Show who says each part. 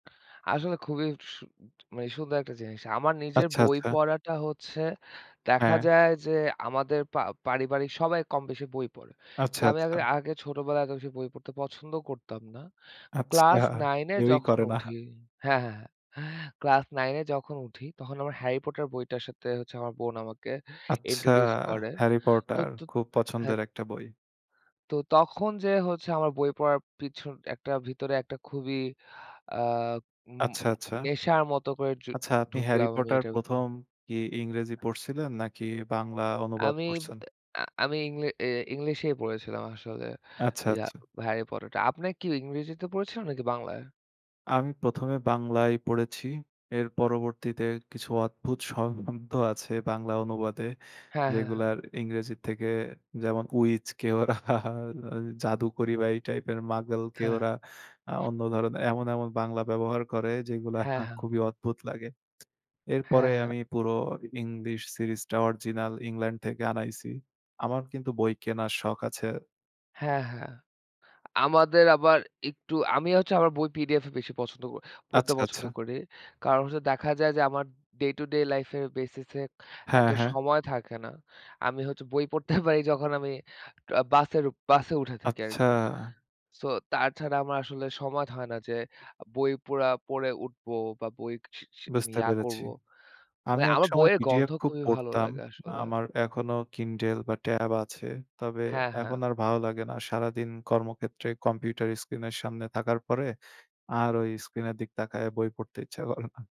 Speaker 1: আসলে খুবই সু মানে সুন্দর একটা জিনিস। আমার নিজের
Speaker 2: আচ্ছা,
Speaker 1: বই
Speaker 2: আচ্ছা।
Speaker 1: পড়াটা হচ্ছে দেখা
Speaker 2: হ্যাঁ।
Speaker 1: যায় যে, আমাদের পা পারিবারিক সবাই কম বেশি বই পড়ে।
Speaker 2: আচ্ছা,
Speaker 1: কিন্তু আমি আ
Speaker 2: আচ্ছা।
Speaker 1: আগে ছোটবেলায় এত বেশি বই পড়তে পছন্দ করতাম না।
Speaker 2: আচ্ছা,
Speaker 1: ক্লাস 9 এ
Speaker 2: কেউই
Speaker 1: যখন
Speaker 2: করে না।
Speaker 1: উঠি হ্যাঁ, হ্যাঁ, হ্যাঁ। ক্লাস 9 এ যখন উঠি তখন আমার হ্যারি পটার বইটার সাথে হচ্ছে, আমার বোন আমাকে
Speaker 2: আচ্ছা,
Speaker 1: ইন্ট্রোডিউস করে।
Speaker 2: হ্যারি
Speaker 1: তো
Speaker 2: পটার।
Speaker 1: ত
Speaker 2: খুব
Speaker 1: হ্যাঁ।
Speaker 2: পছন্দের একটা বই।
Speaker 1: তো তখন যেয়ে হচ্ছে আমার বই পড়ার পিছন একটা ভিতরে একটা খুবই আ উম
Speaker 2: আচ্ছা, আচ্ছা।
Speaker 1: নেশার মত করে জু
Speaker 2: আচ্ছা, আপনি হ্যারি
Speaker 1: ঢুকলাম আমি
Speaker 2: পটার
Speaker 1: এটার ভিতরে
Speaker 2: ১ম কি ইংরেজি পড়ছিলেন, নাকি বাংলা অনুবাদ
Speaker 1: আমি ব
Speaker 2: পড়ছেন?
Speaker 1: আ আমি ইংলি এ ইংলিশেই পড়েছিলাম আসলে।
Speaker 2: আচ্ছা,
Speaker 1: ইয়া
Speaker 2: আচ্ছা।
Speaker 1: হ্যারি পটারটা। আপনি কি ইংরেজিতে পড়েছিলেন নাকি বাংলায়?
Speaker 2: আমি ১ম এ বাংলায় পড়েছি এর পরবর্তীতে কিছু অদ্ভুত শ শব্দ আছে বাংলা অনুবাদে,
Speaker 1: হ্যাঁ, হ্যাঁ, হ্যাঁ।
Speaker 2: যেগুলার ইংরেজির থেকে যেমন, উইচকে ওরা জাদুকরি বা এই টাইপের, মাগলকে
Speaker 1: হ্যাঁ।
Speaker 2: ওরা আ অন্য ধরনের এমন, এমন বাংলা ব্যবহার করে, যেগুলো
Speaker 1: হ্যাঁ, হ্যাঁ।
Speaker 2: খুবই অদ্ভুত লাগে।
Speaker 1: হ্যাঁ,
Speaker 2: এরপরে
Speaker 1: হ্যাঁ।
Speaker 2: আমি পুরো ইংলিশ সিরিজ টা অরিজিনাল, ইংল্যান্ড থেকে আনাইছি। আমার কিন্তু বই কেনার শখ আছে।
Speaker 1: হ্যাঁ, হ্যাঁ। আমাদের আবার একটু, আমি হচ্ছে আমার বই পিডিএফ এ বেশি পছন্দ ক পড়তে
Speaker 2: আচ্ছা,
Speaker 1: পছন্দ
Speaker 2: আচ্ছা।
Speaker 1: করি। কারণ হচ্ছে দেখা যায় যে, আমার ডে টু ডে লাইফ এর বেসিস এ এত
Speaker 2: হ্যাঁ, হ্যাঁ।
Speaker 1: সময় থাকে না। আমি হচ্ছে বই পড়তে পারি যখন আমি অ বাসের উ বাসে উঠে থাকি
Speaker 2: আচ্ছা।
Speaker 1: আরকি। সো তাছাড়া আমার আসলে সময় হয় না যে, আ বই পুরা পড়ে উঠব বা বই স মানে
Speaker 2: বুঝতে
Speaker 1: ইয়া
Speaker 2: পেরেছি।
Speaker 1: করব।
Speaker 2: আমি
Speaker 1: মানে আমার
Speaker 2: একসময়
Speaker 1: বইয়ের গন্ধ
Speaker 2: পিডিএফ খুব
Speaker 1: খুবই ভালো
Speaker 2: পড়তাম।
Speaker 1: লাগে আসলে।
Speaker 2: আমার এখনো কিন্ডল বা ট্যাব আছে। তবে
Speaker 1: হ্যাঁ,
Speaker 2: এখন
Speaker 1: হ্যাঁ।
Speaker 2: আর ভালো লাগে না। সারাদিন কর্মক্ষেত্রে কম্পিউটার স্ক্রিন এর সামনে থাকার পরে, আর ওই স্ক্রিন এর দিকে তাকাইয়া বই পড়তে ইচ্ছা করে না।